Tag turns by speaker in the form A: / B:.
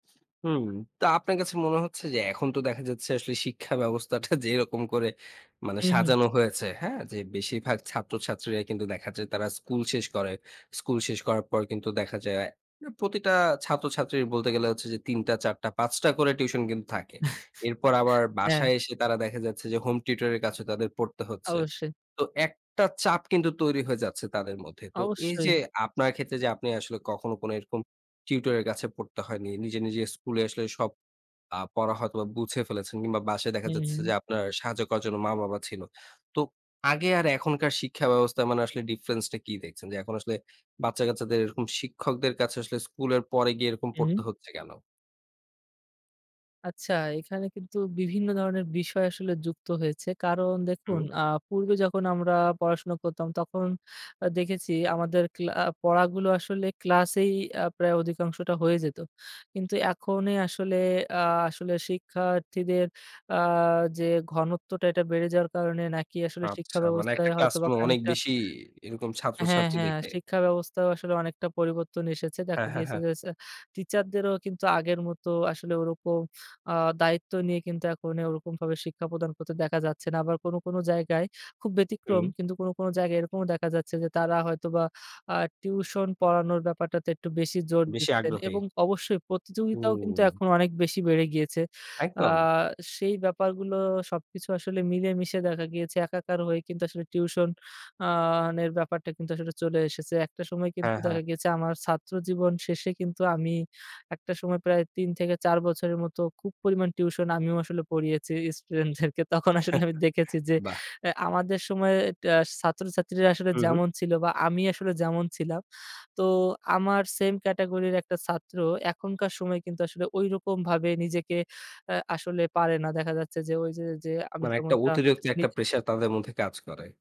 A: হুম, তো আপনার কাছে মনে হচ্ছে যে এখন তো দেখা যাচ্ছে আসলে শিক্ষা ব্যবস্থাটা যেরকম করে মানে
B: হুম, হুম।
A: সাজানো হয়েছে, হ্যাঁ? যে বেশিরভাগ ছাত্রছাত্রীরা কিন্তু দেখা যায় তারা স্কুল শেষ করে। স্কুল শেষ করার পর কিন্তু দেখা যায় প্রতিটা ছাত্রছাত্রীর বলতে গেলে হচ্ছে যে ৩ টা, ৪ টা, ৫ টা করে টিউশন কিন্তু থাকে। এরপর আবার
B: হ্যাঁ।
A: বাসায় এসে তারা দেখা যাচ্ছে যে হোম টিউটর এর কাছে তাদের পড়তে হচ্ছে।
B: অবশ্যই।
A: তো একটা চাপ কিন্তু তৈরি হয়ে যাচ্ছে তাদের মধ্যে। তো এই
B: অবশ্যই।
A: যে আপনার ক্ষেত্রে যে আপনি আসলে কখনো এরকম টিউটর এর কাছে পড়তে হয়নি। নিজে, নিজে স্কুলে আসলে সব আ পড়া হয়তো বা বুঝে ফেলেছেন কিংবা বাসায় দেখা
B: হুম,
A: যাচ্ছে
B: হুম।
A: যে আপনার সাহায্য করার জন্য মা বাবা ছিল। তো আগে আর এখনকার শিক্ষা ব্যবস্থা মানে আসলে ডিফারেন্স টা কি দেখছেন? যে এখন আসলে বাচ্চা কাচ্চাদের শিক্ষকদের কাছে আসলে স্কুলের পরে গিয়ে এরকম পড়তে
B: হুম।
A: হচ্ছে কেন?
B: আচ্ছা, এখানে কিন্তু বিভিন্ন ধরনের বিষয় আসলে যুক্ত হয়েছে। কারণ দেখুন
A: হু।
B: আ পূর্বে যখন আমরা পড়াশোনা করতাম, তখন দেখেছি আমাদের ক্লা পড়াগুলো আসলে ক্লাসেই প্রায় অধিকাংশটা হয়ে যেত। কিন্তু এখনে আসলে আ আসলে শিক্ষার্থীদের আ যে ঘনত্বটা এটা বেড়ে যাওয়ার কারণে নাকি আসলে শিক্ষা
A: আচ্ছা, মানে
B: ব্যবস্থায়
A: একটা
B: হয়তোবা
A: ক্লাসরুমে অনেক
B: খানিকটা
A: বেশি এরকম
B: হ্যাঁ,
A: ছাত্রছাত্রী
B: হ্যাঁ,
A: দেখে।
B: শিক্ষা ব্যবস্থাও আসলে অনেকটা পরিবর্তন এসেছে। দেখা
A: হ্যাঁ, হ্যাঁ,
B: গিয়েছে
A: হ্যাঁ।
B: যে, টিচারদেরও কিন্তু আগের মতো আসলে ওরকম আ দায়িত্ব নিয়ে কিন্তু এখন ওরকমভাবে শিক্ষা প্রদান করতে দেখা যাচ্ছে না। আবার কোনো, কোনো, জায়গায় খুব ব্যতিক্রম
A: হুম।
B: কিন্তু কোনো, কোনো, জায়গায় এরকমও দেখা যাচ্ছে যে তারা হয়তো বা আ টিউশন পড়ানোর ব্যাপারটাতে একটু বেশি জোর
A: বেশি
B: দিচ্ছেন,
A: আগ্রহী।
B: এবং অবশ্যই প্রতিযোগিতাও কিন্তু
A: হুম।
B: এখন অনেক বেশি বেড়ে গিয়েছে। আ
A: একদম।
B: সেই ব্যাপারগুলো সবকিছু আসলে মিলেমিশে দেখা গিয়েছে একাকার হয়ে কিন্তু আসলে টিউশন আ এর ব্যাপারটা কিন্তু আসলে চলে এসেছে। একটা সময় কিন্তু
A: হ্যাঁ, হ্যাঁ।
B: দেখা গেছে আমার ছাত্র জীবন শেষে কিন্তু আমি একটা সময় প্রায় ৩ থেকে ৪ বছরের মতো খুব পরিমাণ টিউশন আমিও আসলে পড়িয়েছি ইস্টুডেন্টদেরকে। তখন আসলে আমি দেখেছি যে
A: বাহ!
B: আমাদের সময়ে ছাত্রছাত্রীরা আসলে
A: হু, হু।
B: যেমন ছিল বা আমি আসলে যেমন ছিলাম। তো আমার সেম ক্যাটেগরির একটা ছাত্র এখনকার সময়ে কিন্তু আসলে ঐরকম ভাবে নিজেকে আ আসলে পারে না। দেখা যাচ্ছে যে ওই যে, যে, আমি
A: মানে একটা
B: যেমনটা
A: অতিরিক্ত
B: নিজে
A: একটা প্রেশার তাদের মধ্যে কাজ করে।